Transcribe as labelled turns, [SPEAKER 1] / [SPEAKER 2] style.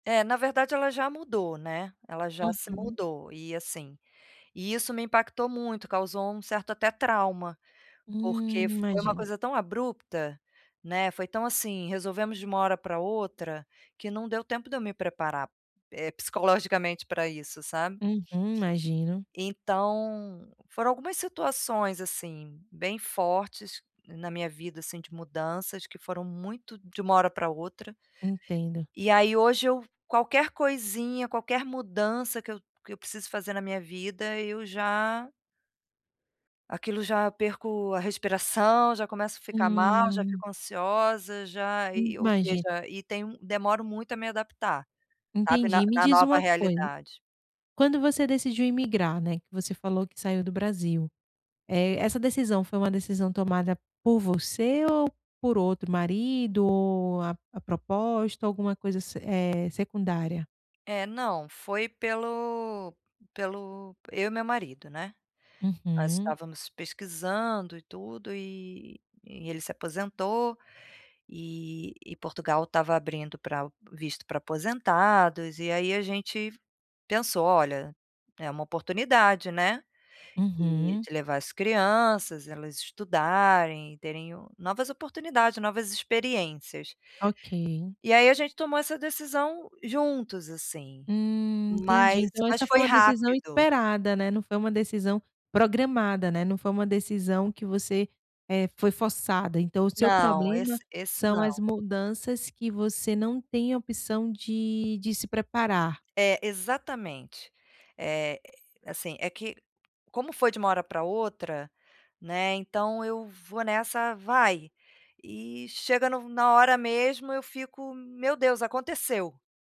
[SPEAKER 1] É na verdade ela já mudou, né, ela já se
[SPEAKER 2] Uhum.
[SPEAKER 1] mudou e assim, e isso me impactou muito causou um certo até trauma,
[SPEAKER 2] Hum,
[SPEAKER 1] porque foi uma
[SPEAKER 2] imagino.
[SPEAKER 1] coisa tão abrupta, né, foi tão assim resolvemos de uma hora pra outra, que não deu tempo de eu me preparar, eh, psicologicamente pra isso sabe?
[SPEAKER 2] Uhum, imagino.
[SPEAKER 1] Então foram algumas situações assim bem fortes na minha vida assim de mudanças que foram muito de uma hora pra outra,
[SPEAKER 2] Entendo.
[SPEAKER 1] e aí hoje eu qualquer coisinha, qualquer mudança que eu que eu preciso fazer na minha vida eu já aquilo já perco a respiração, já começo a ficar mal, já
[SPEAKER 2] Hum.
[SPEAKER 1] fico ansiosa, já,
[SPEAKER 2] Hum,
[SPEAKER 1] eh, ou
[SPEAKER 2] imagina
[SPEAKER 1] seja, e tenho um demoro muito a me adaptar, sabe, na
[SPEAKER 2] Entendi. Me
[SPEAKER 1] na
[SPEAKER 2] diz
[SPEAKER 1] nova
[SPEAKER 2] uma coisa,
[SPEAKER 1] realidade.
[SPEAKER 2] quando você decidiu imigrar, né, que você falou que saiu do Brasil, eh, essa decisão foi uma decisão tomada por você ou por outro? Marido ou a a proposta, alguma coisa eh, secundária?
[SPEAKER 1] É, não. Foi pelo pelo eu e meu marido, né? Nós
[SPEAKER 2] Uhum.
[SPEAKER 1] estávamos pesquisando e tudo, eh, e ele se aposentou, eh, e Portugal estava abrindo pra ao visto pra aposentados e aí a gente pensou: "Olha, é uma oportunidade, né?". Eh,
[SPEAKER 2] Uhum.
[SPEAKER 1] de levar as crianças, elas estudarem e terem novas oportunidades, novas experiências.
[SPEAKER 2] Ok.
[SPEAKER 1] E aí a gente tomou essa decisão juntos assim,
[SPEAKER 2] Hum,
[SPEAKER 1] mas
[SPEAKER 2] entendi, então
[SPEAKER 1] mas
[SPEAKER 2] essa foi
[SPEAKER 1] foi
[SPEAKER 2] uma decisão
[SPEAKER 1] rápido.
[SPEAKER 2] esperada, né, não foi uma decisão programada, né, não foi uma decisão que você, eh, foi forçada, então o seu
[SPEAKER 1] Não,
[SPEAKER 2] problema
[SPEAKER 1] esse esse
[SPEAKER 2] são as
[SPEAKER 1] não.
[SPEAKER 2] mudanças que você não tem opção de de se preparar.
[SPEAKER 1] É exatamente. Eh eh, assim é que, como foi de uma hora pra outra, né, então eu, vou nessa vai, eh, chega no na hora mesmo eu fico: "Meu Deus, aconteceu!".